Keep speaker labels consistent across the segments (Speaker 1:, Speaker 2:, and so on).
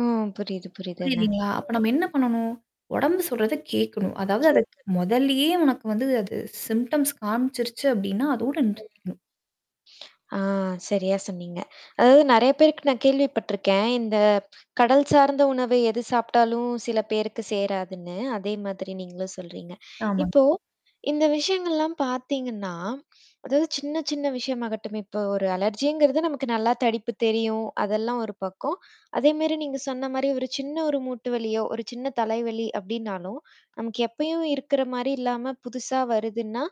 Speaker 1: ஓ புரியிது, புரியிதுங்க.
Speaker 2: புரியிதுங்களா? அப்ப நம்ம என்ன பண்ணணும்? உடம்பு சொல்றத கேட்கணும். அதாவது அத
Speaker 1: [unintelligible]
Speaker 2: முதல்லியே உனக்கு வந்து அது சிம்டம்ஸ் காமிச்சிருச்சு அப்டின்னா, அதோட
Speaker 1: ம்.
Speaker 2: நிறுத்திக்கணும்.
Speaker 1: ஆ சரியா சொன்னீங்க. அதாவது நெறைய பேருக்கு நான் கேள்விப்பட்ருக்கேன். இந்த கடல் சார்ந்த உணவு எது சாப்டாலும் சில பேருக்கு சேராதுன்னு. அதே மாதிரி நீங்களும் சொல்றீங்க.
Speaker 2: ஆமாங்க.
Speaker 1: இப்போ இந்த விஷயங்கள்லாம் பாத்தீங்கன்னா, அதாவது சின்ன சின்ன விஷயமாகட்டும். இப்ப ஒரு அலர்ஜிங்கறது நமக்கு நல்லா தடிப்பு தெரியும், அதெல்லாம் ஒரு பக்கம். அதேமாரி நீங்க சொன்ன மாரி ஒரு சின்ன ஒரு மூட்டு வலியோ ஒரு சின்ன தலைவலி அப்டினாலும், நமக்கு எப்பயும் இருக்கிற மாரி இல்லாம புதுசா வருதுன்னா,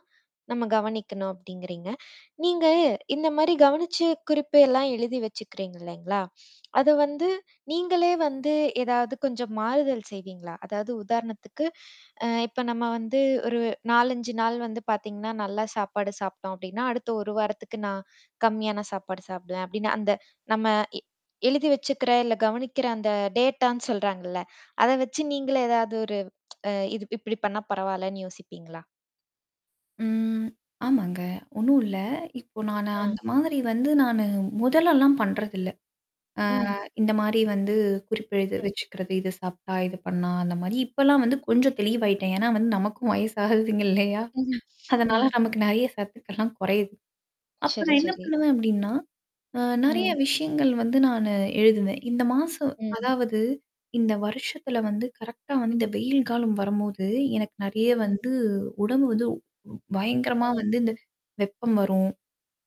Speaker 1: நம்ம கவனிக்கணும் அப்டிங்கறீங்க. நீங்க இந்த மாரி கவனிச்சு குறிப்பெல்லாம் எழுதி வச்சுக்கறீங்க இல்லைங்களா? அத வந்து நீங்களே வந்து ஏதாவது கொஞ்சம் மாறுதல் செய்வீங்களா? அதாவது உதாரணத்துக்கு, அ இப்ப நம்ம வந்து ஒரு 4 5 நாள் வந்து பாத்தீங்கன்னா நல்லா சாப்பாடு சாப்பிட்டோம் அப்டின்னா, அடுத்த 1 வாரத்துக்கு நான் கம்மியான சாப்பாடு சாப்பிடுவேன் அப்டினு, அந்த நம்ம எ எழுதி வச்சுக்கற இல்ல கவனிக்கற அந்த டேட்டான்னு சொல்றாங்கல்ல. அத வச்சு நீங்களே ஏதாவது ஒரு அ இது இப்டி பண்ணா பரவாலன்னு யோசிப்பீங்ளா?
Speaker 2: ம். ஆமாங்க. ஒண்ணும் இல்ல. இப்போ நான
Speaker 1: ஆ.
Speaker 2: அந்த மாதிரி வந்து நானு முதலல்லாம் பண்றதில்ல. அ
Speaker 1: ம்.
Speaker 2: இந்த மாரி வந்து குறிப்பெடுத்து
Speaker 1: ம்.
Speaker 2: வச்சுக்கறது, இது சாப்ட்டா, இது பண்ணா அந்த மாரி இப்பலாம் வந்து கொஞ்சம் தெளிவாயிட்டேன். ஏன்னா வந்து நமக்கும் வயசாகுதுங்கில்லையா?
Speaker 1: ம்ஹ்ம்,
Speaker 2: அதனால
Speaker 1: ம்.
Speaker 2: நமக்கு நெறைய சத்துக்கள்லாம் குறையுது. அப்பு
Speaker 1: சரி,
Speaker 2: நான் என்ன
Speaker 1: சரி.
Speaker 2: பண்ணுவேன் அப்டின்னா? அ நெறைய
Speaker 1: ம்.
Speaker 2: விஷயங்கள் வந்து நானு எழுதுவேன். இந்த மாசம்
Speaker 1: ம்.
Speaker 2: அதாவது இந்த வருஷத்துல வந்து கரெக்ட்டா வந்து இந்த வெயில் காலம் வரும்போது, எனக்கு நெறைய
Speaker 1: ம்.
Speaker 2: வந்து உடம்பு வந்து பயங்கரமா
Speaker 1: ம்.
Speaker 2: வந்து இந்த வெப்பம் வரும்.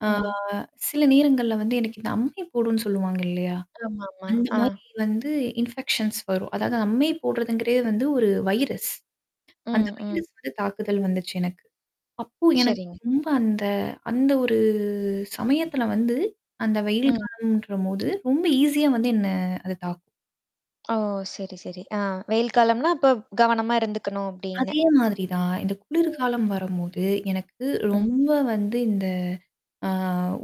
Speaker 2: ஆ
Speaker 1: ம்.
Speaker 2: சில நேரங்கள்ல வந்து எனக்கு இந்த அம்மை போடுன்னு சொல்லுவாங்க இல்லையா?
Speaker 1: ஆமாமா,
Speaker 2: அந்த
Speaker 1: ஆ.
Speaker 2: மாரி வந்து இன்ஃபெக்ஷன்ஸ் வரும். அதாவது அம்மை போடுறதுங்கறதே வந்து ஒரு வைரஸ். அந்த
Speaker 1: ம், ம்.
Speaker 2: வைரஸ் வந்து தாக்குதல் வந்துச்சு எனக்கு. அப்போ எனக்கு
Speaker 1: சரிங்க.
Speaker 2: ரொம்ப அந்த அந்த ஒரு சமயத்துல வந்து அந்த வெயில்
Speaker 1: ம்.
Speaker 2: காலம்ன்றபோது ரொம்ப ஈஸியா வந்து என்ன அது தாக்கும்.
Speaker 1: ஓ! சரி, சரி. அ வெயில் காலம்னா அப்ப கவனமா இருந்துக்கணும் அப்டின்னு.
Speaker 2: அதே மாதிரி தான். இந்த
Speaker 1: ம்.
Speaker 2: குளிர்காலம் வரும்போது, எனக்கு
Speaker 1: ம்.
Speaker 2: ரொம்ப வந்து இந்த ஆ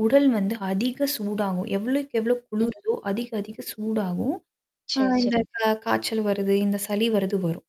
Speaker 2: உடல் வந்து அதிக சூடாகும். எவ்ளோக்கு, எவ்ளோ
Speaker 1: ம்.
Speaker 2: குளுருதோ அதிக அதிக சூடாகும். ஆ
Speaker 1: சரி,
Speaker 2: இந்த
Speaker 1: சரிங்க.
Speaker 2: கா காய்ச்சல் வருது, இந்த சளி வருது வரும்.